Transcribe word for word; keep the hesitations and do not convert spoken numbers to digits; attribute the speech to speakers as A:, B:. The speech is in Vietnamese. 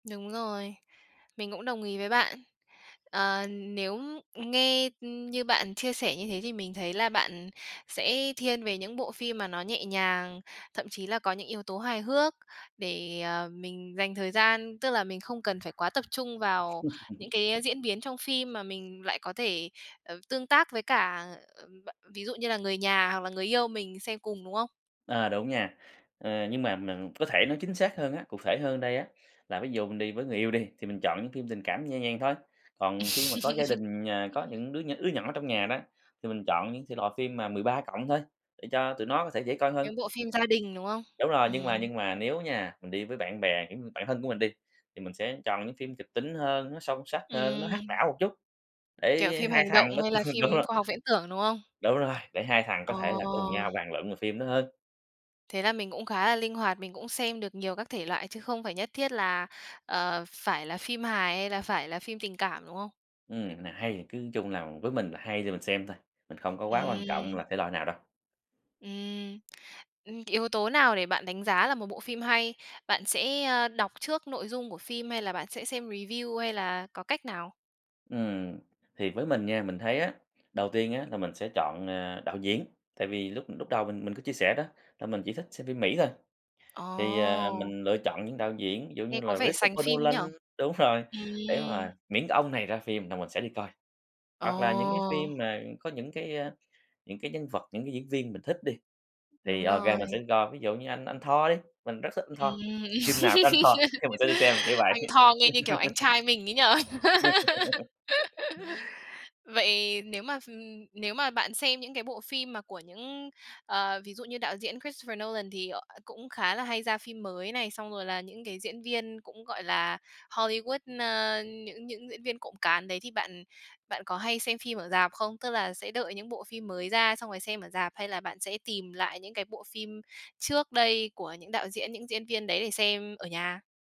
A: Đúng rồi, mình cũng đồng ý với bạn, ờ, nếu, ưm, nghe, ừm, như bạn chia sẻ như thế thì mình thấy là bạn sẽ thiên về những bộ phim mà nó nhẹ nhàng, thậm chí là có những yếu tố hài hước, để, ờ, mình dành thời gian, tức là mình không cần phải quá tập trung vào những cái diễn biến trong phim mà mình lại có thể, ờ, tương tác với cả, ờm, ờ, ví dụ như là người nhà hoặc là người yêu mình xem cùng, đúng không?
B: À, đúng nha, ờ, nhưng mà mình có thể nói chính xác hơn á, cụ thể hơn đây á, là ví dụ mình đi với người yêu đi, thì mình chọn những phim tình cảm nhẹ nhàng thôi, còn khi mà có gia đình, à, có những đứa nh đứa nhỏ trong nhà đó, thì mình chọn những thể loại phim mà mười ba cộng thôi, để cho tụi nó có thể dễ coi hơn.
A: Những bộ phim gia đình, đúng không?
B: Đúng rồi, nhưng
A: Ừm.
B: mà nhưng mà nếu nha, mình đi với bạn bè, kiểu, bạn thân của mình đi, thì mình sẽ chọn những phim kịch tính hơn, nó sâu sắc hơn, nó hack
A: Ừm.
B: não một chút,
A: Kiểu,
B: để
A: phim
B: hai
A: hành
B: thằng
A: động
B: đó
A: hay là
B: ừm, đúng
A: phim
B: rồi.
A: khoa học viễn tưởng, đúng không?
B: Đúng rồi, để hai thằng có
A: Ờ.
B: thể là cùng nhau bàn luận về phim đó hơn.
A: Thế là mình cũng khá là linh hoạt, mình cũng xem được nhiều các thể loại chứ không phải nhất thiết là, ờ, phải là phim hài hay là phải là phim tình cảm, đúng không?
B: Ừm, nào hay thì cứ chung nào với mình là hay thì mình xem thôi, mình không có quá quan trọng
A: Ừm.
B: là thể loại nào đâu.
A: Ừm, ừm, yếu tố nào để bạn đánh giá là một bộ phim hay, bạn sẽ, ơ, đọc trước nội dung của phim hay là bạn sẽ xem review hay là có cách nào?
B: Ừm, thì với mình nha, mình thấy á, đầu tiên á, là mình sẽ chọn, à, đạo diễn, tại vì lúc lúc đầu mình mình có chia sẻ đó, là mình chỉ thích xem phim Mỹ thôi, thì, ờ,
A: Ồ.
B: mình lựa chọn những đạo diễn, ví dụ như
A: Nghe có
B: là
A: vẻ sành
B: Christopher
A: phim
B: Nolan
A: nhỉ?
B: đúng rồi, để
A: Ừm.
B: mà miễn cái ông này ra phim là mình sẽ đi coi. Hoặc là những cái
A: Ồ.
B: phim mà có những cái, a, những cái nhân vật, những cái diễn viên mình thích đi, thì
A: Đúng
B: OK
A: rồi.
B: mình sẽ đi coi, ví dụ như anh anh Thor đi, mình rất thích anh Thor,
A: Ừm,
B: phim nào có anh Thor thì mình sẽ đi xem, kiểu
A: anh
B: vậy.
A: Thor nghe như kiểu anh trai mình ấy nhỉ! Vậy nếu mà, ừm nếu mà bạn xem những cái bộ phim mà của những, ờ, ví dụ như đạo diễn Christopher Nolan thì, ờ, cũng khá là hay ra phim mới này, xong rồi là những cái diễn viên cũng, gọi là, Hollywood, ơ, những những diễn viên cộm cán đấy, thì bạn bạn có hay xem phim ở rạp không, tức là sẽ đợi những bộ phim mới ra xong rồi xem ở rạp, hay là bạn sẽ tìm lại những cái bộ phim trước đây của những đạo diễn, những diễn viên đấy để xem ở nhà?